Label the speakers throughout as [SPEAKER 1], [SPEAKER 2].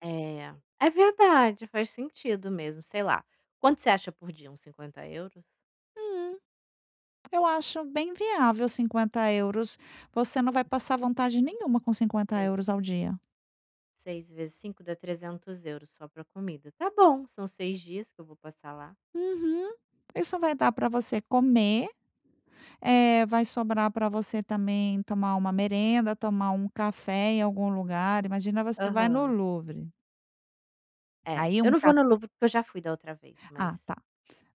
[SPEAKER 1] É, é verdade, faz sentido mesmo. Sei lá, quanto você acha por dia, uns 50€?
[SPEAKER 2] Hum, eu acho bem viável 50€, você não vai passar vontade nenhuma com cinquenta
[SPEAKER 1] Sei.
[SPEAKER 2] euros ao dia.
[SPEAKER 1] 6 vezes 5 dá 300€ só pra comida. Tá bom, são 6 dias que eu vou passar lá.
[SPEAKER 2] Uhum. Isso vai dar pra você comer, eh, vai sobrar pra você também tomar uma merenda, tomar um café em algum lugar. Imagina, você vai no
[SPEAKER 1] Aham.
[SPEAKER 2] Louvre
[SPEAKER 1] É,
[SPEAKER 2] aí
[SPEAKER 1] eu
[SPEAKER 2] um
[SPEAKER 1] não vou
[SPEAKER 2] ca
[SPEAKER 1] no Louvre, porque eu já fui da outra vez,
[SPEAKER 2] Ah,
[SPEAKER 1] mas
[SPEAKER 2] tá.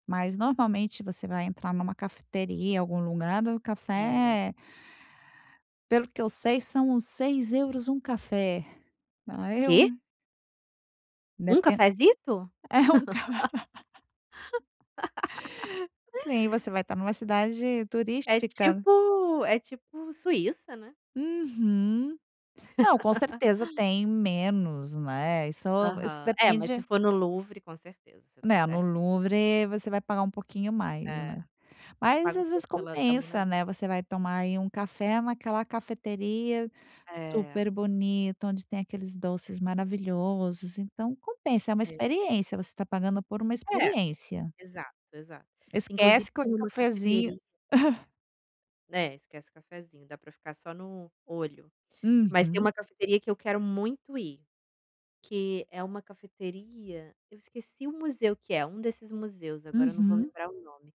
[SPEAKER 2] Mas normalmente você vai entrar numa cafeteria, algum lugar, o
[SPEAKER 1] É.
[SPEAKER 2] café é pelo o que eu sei são uns 6€ um café, a eu
[SPEAKER 1] Quê? Um
[SPEAKER 2] Depen
[SPEAKER 1] cafezito?
[SPEAKER 2] é um ca Sim, você vai estar numa cidade
[SPEAKER 1] É
[SPEAKER 2] turística.
[SPEAKER 1] tipo é tipo Suíça, né.
[SPEAKER 2] Uhum. Não, com certeza tem menos, né, isso isso
[SPEAKER 1] Aham, é, mas se
[SPEAKER 2] depende
[SPEAKER 1] for no Louvre, com certeza você tá
[SPEAKER 2] Né, no
[SPEAKER 1] cer
[SPEAKER 2] Louvre você vai pagar um pouquinho mais,
[SPEAKER 1] É,
[SPEAKER 2] né.
[SPEAKER 1] você
[SPEAKER 2] Mas
[SPEAKER 1] paga o
[SPEAKER 2] às vezes
[SPEAKER 1] preço pela da Mona
[SPEAKER 2] compensa,
[SPEAKER 1] Lisa.
[SPEAKER 2] né, você vai tomar aí um café naquela cafeteria,
[SPEAKER 1] É.
[SPEAKER 2] super bonito, onde tem aqueles doces maravilhosos, então compensa, é uma
[SPEAKER 1] É.
[SPEAKER 2] experiência, você tá pagando por uma
[SPEAKER 1] É,
[SPEAKER 2] experiência.
[SPEAKER 1] exato, exato. Inclusive
[SPEAKER 2] Esquece co
[SPEAKER 1] tem uma
[SPEAKER 2] cafezinho
[SPEAKER 1] cafeteria é, né, esquece o cafezinho, dá pra ficar só no olho. Mas tem
[SPEAKER 2] Uhum.
[SPEAKER 1] uma cafeteria que eu quero muito ir, que é uma cafeteria, eu esqueci o museu que é, um desses museus, agora eu não vou
[SPEAKER 2] Uhum.
[SPEAKER 1] lembrar o nome,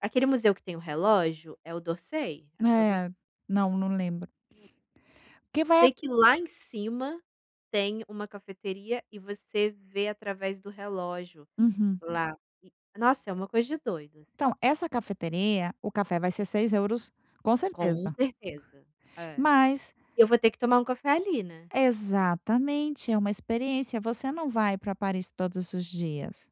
[SPEAKER 1] aquele museu que tem o relógio, é o d'Orsay? Acho que é o d'Or
[SPEAKER 2] É, não não lembro. O que vai
[SPEAKER 1] Tem que ir lá em cima, tem uma cafeteria e você vê através do relógio
[SPEAKER 2] Uhum.
[SPEAKER 1] lá. Nossa, é uma coisa de doido, assim.
[SPEAKER 2] Então, essa cafeteria o café vai ser 6€ com
[SPEAKER 1] Com
[SPEAKER 2] certeza...
[SPEAKER 1] certeza. É.
[SPEAKER 2] mas
[SPEAKER 1] Eu vou ter que tomar um café ali, né.
[SPEAKER 2] Exatamente, é uma experiência, você não vai pra Paris todos os dias.